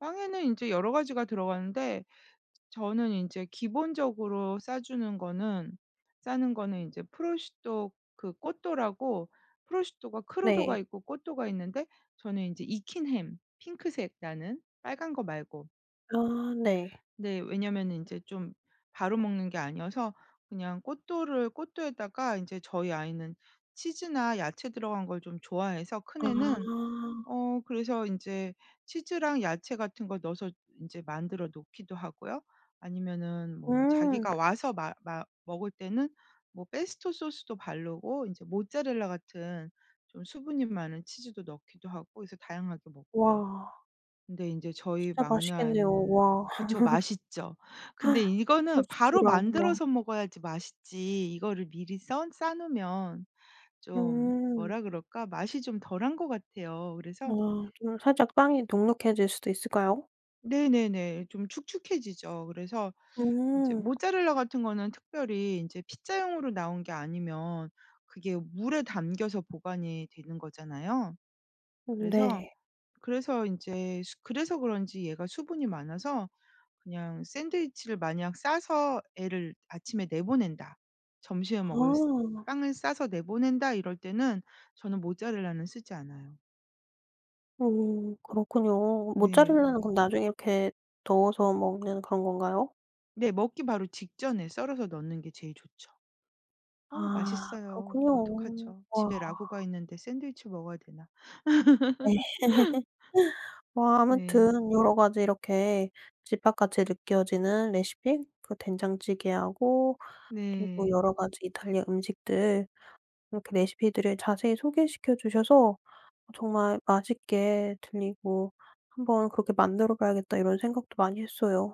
빵에는 인제 여러 가지가 들어가는데 저는 인제 기본적으로 싸주는 거는 싸는 거는 이제 prosciutto 그 cotto라고 prosciutto가 네. crudo가 있고 cotto가 있는데 저는 인제 익힌 햄 핑크색 나는 빨간 거 말고 아. 네. 네. 왜냐면은 인제 좀 바로 먹는 게 아니어서 그냥 cotto를 cotto에다가 인제 저희 아이는 치즈나 야채 들어간 걸 좀 좋아해서 큰 애는, 아. 어 그래서 인제 치즈랑 야채 같은 걸 넣어서 이제 만들어 놓기도 하고요 아니면은 뭐 음. 자기가 와서 마 마 먹을 때는 뭐 pesto 소스도 바르고 이제 모차렐라 같은 좀 수분이 많은 치즈도 넣기도 하고 그래서 다양하게 먹고요. 와. 근데 인제 저희 진짜 막내 맛있겠네요. 아이는 와. 그쵸 맛있죠. 근데 이거는 바로 prosciutto랑 와. 만들어서 먹어야지 맛있지 이거를 미리 써 싸 놓으면 좀 음. 뭐라 그럴까? 맛이 좀 덜한 것 같아요. 그래서 아. 좀 살짝 빵이 눅눅해질 수도 있을까요? 네네네. 좀 축축해지죠. 그래서 이제 음. 모차렐라 같은 거는 특별히 인제 피자용으로 나온 게 아니면 그게 물에 담겨서 보관이 되는 거잖아요. 음 그래서 네. 그래서 인제 그래서 그런지 얘가 수분이 많아서 그냥 샌드위치를 만약 싸서 애를 아침에 내보낸다 점심에 먹을 쓰 아. 빵을 싸서 내보낸다 이럴 때는 저는 모차렐라는 쓰지 않아요. 음 그렇군요. 네. 어. 모차렐라는 그럼 나중에 이렇게 넣어서 먹는 그런 건가요? 네. 먹기 바로 직전에 썰어서 넣는 게 제일 좋죠. 어 아 맛있어요. 그렇군요. 어떡하죠? 와. 집에 ragù가 있는데 샌드위치 먹어야 되나. 네. 뭐 네. 아무튼 여러 가지 이렇게 집밥 같이 느껴지는 레시피 그 된장찌개하고 그리고 여러 네. 가지 이탈리아 음식들 이렇게 레시피들을 자세히 소개시켜 주셔서 정말 맛있게 들리고 '한번 그렇게 만들어 봐야겠다.' 이런 생각도 많이 했어요.